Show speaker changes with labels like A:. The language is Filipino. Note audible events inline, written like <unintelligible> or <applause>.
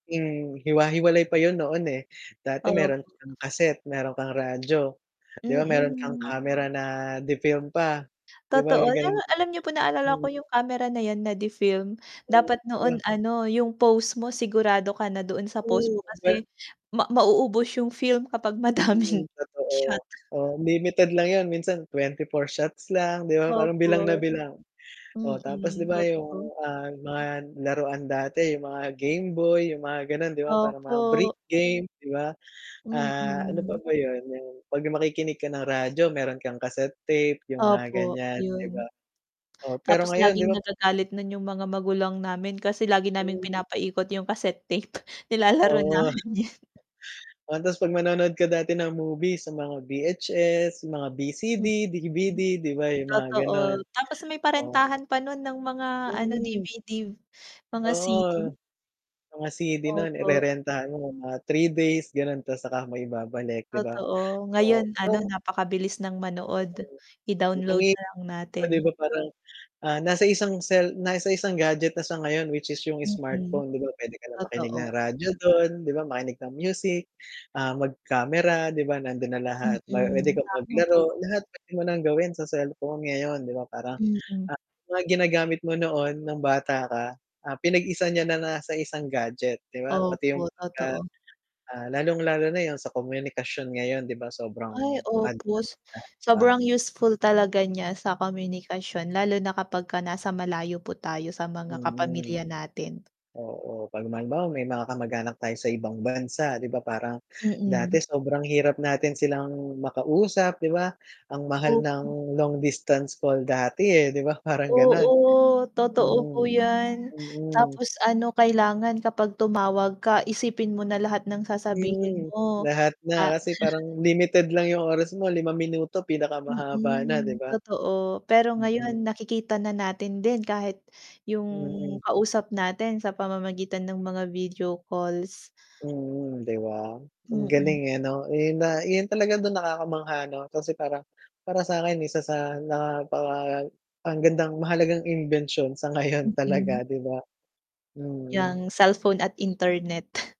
A: Hmm, hiwa-hiwalay pa yun noon, eh, dati
B: Opo.
A: meron kang cassette, meron kang radyo, 'di
B: Hmm,
A: ba? Meron kang
B: hmm.
A: camera na de film pa, 'di ba
B: Totoo, di
A: ganun?
B: ba, alam niyo po naalala ko
A: Mm.
B: yung kamera na yan na de film,
A: Hmm,
B: dapat
A: 'di
B: noon
A: ba.
B: ano yung post mo sigurado ka na doon sa post
A: Hmm,
B: mo
A: ba
B: kasi ma mauubos yung film kapag
A: Hmm
B: madaming <chuckles>
A: totoo,
B: shot.
A: o limited lang yun minsan 24 shots lang 'di ba? Parang
B: Opo.
A: bilang na bilang, oo, tapos 'di
B: mm,
A: ba yung
B: totoo.
A: mga, ah, mga laruan dati yung mga Gameboy, yung mga gano'n 'di ba? Parang mga break
B: Opo.
A: game 'di ba, ah, ano pa
B: Mm.
A: ba yun yung 'pag makikinig ka ng radyo meron kang kaset tape yung mga
B: Opo,
A: ganyan, di ba?
B: yun.
A: Oo. pero
B: Tapos
A: ngayon, 'di
B: laging
A: ba
B: nagagalit na yung mga magulang namin kasi lagi naming
A: Hmm.
B: pinapikot yung casette tape nilalaro
A: Oo.
B: namin yun. <laughs>
A: O tas pag manonood ka dati ng movie sa mga VHS, mga BCD, DVD
B: Mm.
A: 'di ba yung mga gano'n?
B: Totoo, tapos may
A: Oo.
B: parentahan pa nun ng mga ano
A: Mm.
B: DVD, mga CD.
A: Oo. Mga CD no'n,
B: Opo.
A: irerentahan mo mga 3 days ganon tas saka mo ibabalik, 'di ba?
B: Totoo
A: So
B: ngayon ano napakabilis ng manood i-download
A: <unintelligible>
B: na lang
A: Oh,
B: natin.
A: 'di ba parang, ah, nasa isang cell nasa isang gadget na siya ngayon which is yung
B: Mm,
A: smartphone, 'di ba pwede ka na makinig ng
B: totoo.
A: radyo dun 'di ba makinig ng music, ah, mag-camera, 'di ba? Nandun na lahat pwede
B: Mm,
A: kang
B: tama po.
A: maglaro lahat pwede mo ng gawin sa cellphone ngayon, 'di ba, parang
B: Mm.
A: <unintelligible> mga ginagamit mo noon ng bata ka, ah, pinag-isa niya na nasa isang gadget 'di ba pati yung,
B: Opo,
A: pag, ah,
B: totoo.
A: ah, lalong lalo na yung sa komunikasyon ngayon 'di ba? Sobrang
B: Ay,
A: advance
B: opo,
A: na, di ba.
B: sobrang useful talaga niya sa komunikasyon lalo na kapag nasa malayo po tayo sa mga
A: Mm.
B: kapamilya natin.
A: Oo, 'pag ma halimbawa may mga kamag-anak tayo sa ibang bansa 'di ba, parang
B: Mm.
A: dati sobrang hirap natin silang makausap, 'di ba, ang mahal
B: Opo.
A: ng long distance call dati, eh, 'di ba parang gano'n?
B: Oo, totoo po
A: Hmm.
B: yan,
A: Mm.
B: tapos ano kailangan kapag tumawag ka isipin mo na lahat ng sasabihin
A: Mm,
B: mo
A: lahat na
B: pa
A: kasi
B: <chuckles>
A: parang limited lang yung oras mo 5 minuto pinakamahaba na 'di
B: Mm,
A: ba?
B: totoo pero
A: mm.
B: ngayon nakikita na natin din kahit yung
A: Mm.
B: kausap natin sa pamamagitan ng mga video calls.
A: Mm, 'di ba? Ang
B: Mm.
A: galing, eh, ano yun na yun talaga dun nakakamangha ano kasi parang para sa'in sa sa napaka ang gandang mahalagang imbensyon sa ngayon
B: Mm.
A: talaga, 'di ba? Mm.
B: Yang cellphone at internet.